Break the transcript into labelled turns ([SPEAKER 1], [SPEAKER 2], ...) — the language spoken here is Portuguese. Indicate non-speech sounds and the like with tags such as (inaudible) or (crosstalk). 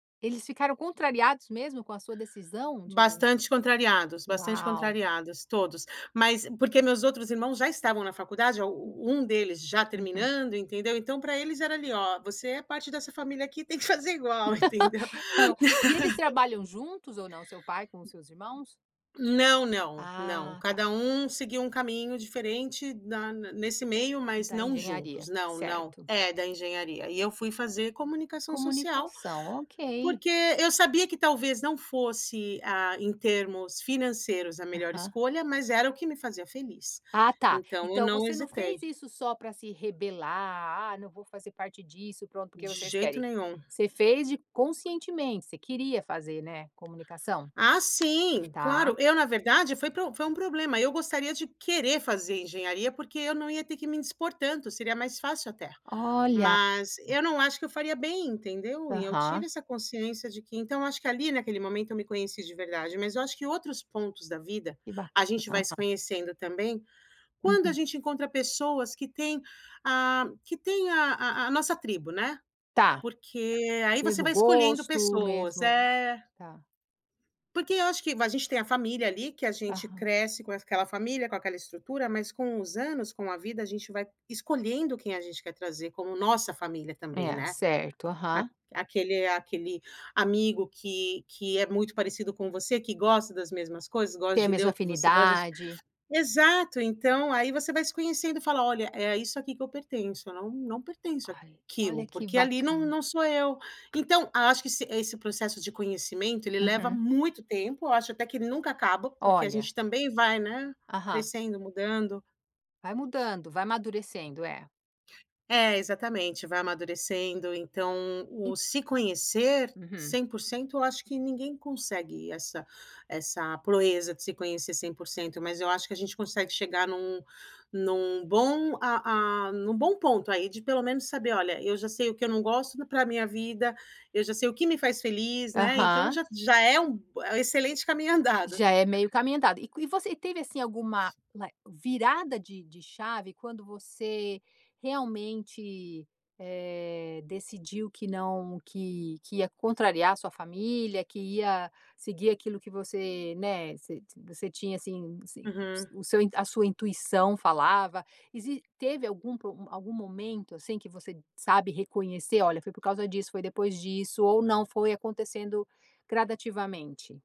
[SPEAKER 1] Eles ficaram contrariados mesmo? Com a sua decisão de
[SPEAKER 2] Bastante contrariados, bastante
[SPEAKER 1] Uau.
[SPEAKER 2] contrariados, todos. Mas porque meus outros irmãos já estavam na faculdade, a
[SPEAKER 1] Hum.
[SPEAKER 2] um deles já
[SPEAKER 1] Uhum.
[SPEAKER 2] terminando, entendeu? Então para eles era ali "Ó, você é parte dessa família aqui, tem que fazer igual", entendeu?
[SPEAKER 1] (laughs) Hã. E eles
[SPEAKER 2] (laughs)
[SPEAKER 1] trabalham juntos ou não? Seu pai com os seus irmãos?
[SPEAKER 2] Não, não, não.
[SPEAKER 1] Ah, tá.
[SPEAKER 2] Cada um seguiu um caminho diferente na n nesse meio mas
[SPEAKER 1] Da
[SPEAKER 2] não juntos,
[SPEAKER 1] engenharia,
[SPEAKER 2] não, não.
[SPEAKER 1] certo.
[SPEAKER 2] É, da Engenharia. E eu fui fazer Comunicação Social,
[SPEAKER 1] Comunicação, ok.
[SPEAKER 2] porque eu sabia que talvez não fosse, ah, em termos financeiros a melhor
[SPEAKER 1] Aham.
[SPEAKER 2] escolha, mas era o que me fazia feliz.
[SPEAKER 1] Ah tá.
[SPEAKER 2] Então eu
[SPEAKER 1] Então
[SPEAKER 2] não
[SPEAKER 1] você não
[SPEAKER 2] hesitei.
[SPEAKER 1] fez isso só para se rebelar, "Ah não vou fazer parte disso, pronto,
[SPEAKER 2] De
[SPEAKER 1] porque vocês
[SPEAKER 2] jeito
[SPEAKER 1] querem".
[SPEAKER 2] nenhum.
[SPEAKER 1] Você fez de conscientemente, você queria fazer, né, comunicação?
[SPEAKER 2] Ah sim,
[SPEAKER 1] Tá.
[SPEAKER 2] claro. Eu na verdade foi pro foi um problema, eu gostaria de querer fazer Engenharia, porque eu não ia ter que me indispor tanto, seria mais fácil, até.
[SPEAKER 1] Olha.
[SPEAKER 2] Mas eu não acho que eu faria bem, entendeu? E eu
[SPEAKER 1] Aham.
[SPEAKER 2] tive essa consciência de que então, eu acho que ali naquele momento eu me conheci de verdade. Mas eu acho que outros pontos da vida,
[SPEAKER 1] Que
[SPEAKER 2] a gente
[SPEAKER 1] bacana.
[SPEAKER 2] vai se conhecendo também, quando a
[SPEAKER 1] Uhum.
[SPEAKER 2] gente encontra pessoas que têm a que têm a a a nossa tribo, né.
[SPEAKER 1] Tá.
[SPEAKER 2] Porque aí você
[SPEAKER 1] Mesmo
[SPEAKER 2] vai escolhendo
[SPEAKER 1] gosto,
[SPEAKER 2] pessoas.
[SPEAKER 1] mesmo
[SPEAKER 2] É.
[SPEAKER 1] Tá.
[SPEAKER 2] Porque eu acho que va a gente tem a família ali que a gente
[SPEAKER 1] Aham.
[SPEAKER 2] cresce com es aquela família, com aquela estrutura, mas com os anos, com a vida, a gente vai escolhendo quem a gente quer trazer como nossa família também,
[SPEAKER 1] É,
[SPEAKER 2] né.
[SPEAKER 1] certo.
[SPEAKER 2] Aq
[SPEAKER 1] Aham.
[SPEAKER 2] aquele aquele amigo que que é muito parecido com você, que gosta das mesmas coisas, gosta
[SPEAKER 1] Ter a
[SPEAKER 2] de ler
[SPEAKER 1] mesma
[SPEAKER 2] o que você gosta.
[SPEAKER 1] afinidade.
[SPEAKER 2] Exato, então aí você vai se conhecendo e fala: "Olha, é isso aqui que eu pertenço, eu não não pertenço
[SPEAKER 1] Ai.
[SPEAKER 2] àquilo",
[SPEAKER 1] Olha que
[SPEAKER 2] porque ali não
[SPEAKER 1] bacana.
[SPEAKER 2] não sou eu". Então acho que se esse processo de conhecimento ele leva
[SPEAKER 1] Uhum.
[SPEAKER 2] muito tempo, acho até que nunca acaba, porque a
[SPEAKER 1] Olha.
[SPEAKER 2] gente também vai, né,
[SPEAKER 1] Aham.
[SPEAKER 2] crescendo, mudando.
[SPEAKER 1] Vai mudando, vai amadurecendo, é.
[SPEAKER 2] É, exatamente, vai amadurecendo. Então
[SPEAKER 1] En
[SPEAKER 2] o se conhecer
[SPEAKER 1] Uhum.
[SPEAKER 2] 100% eu acho que ninguém consegue essa essa proeza de se conhecer 100%, mas eu acho que a gente consegue chegar em um em um bom a a em um bom ponto aí de pelo menos saber: "Olha, eu já sei o que eu não gosto para minha vida, eu já sei o que me faz feliz", né, então
[SPEAKER 1] Aham.
[SPEAKER 2] já já é um b excelente caminho andado.
[SPEAKER 1] Já é meio caminho andado. E co e você e teve assim alguma, like virada de de chave quando você realmente, eh, decidiu que não que que ia contrariar a sua família, que ia seguir aquilo que você, né, você você tinha, assim assim,
[SPEAKER 2] Uhum.
[SPEAKER 1] o seu a sua intuição falava, e si teve algum pro algum momento, assim, que você sabe reconhecer, "Olha foi por causa disso, foi depois disso", ou não, foi acontecendo gradativamente?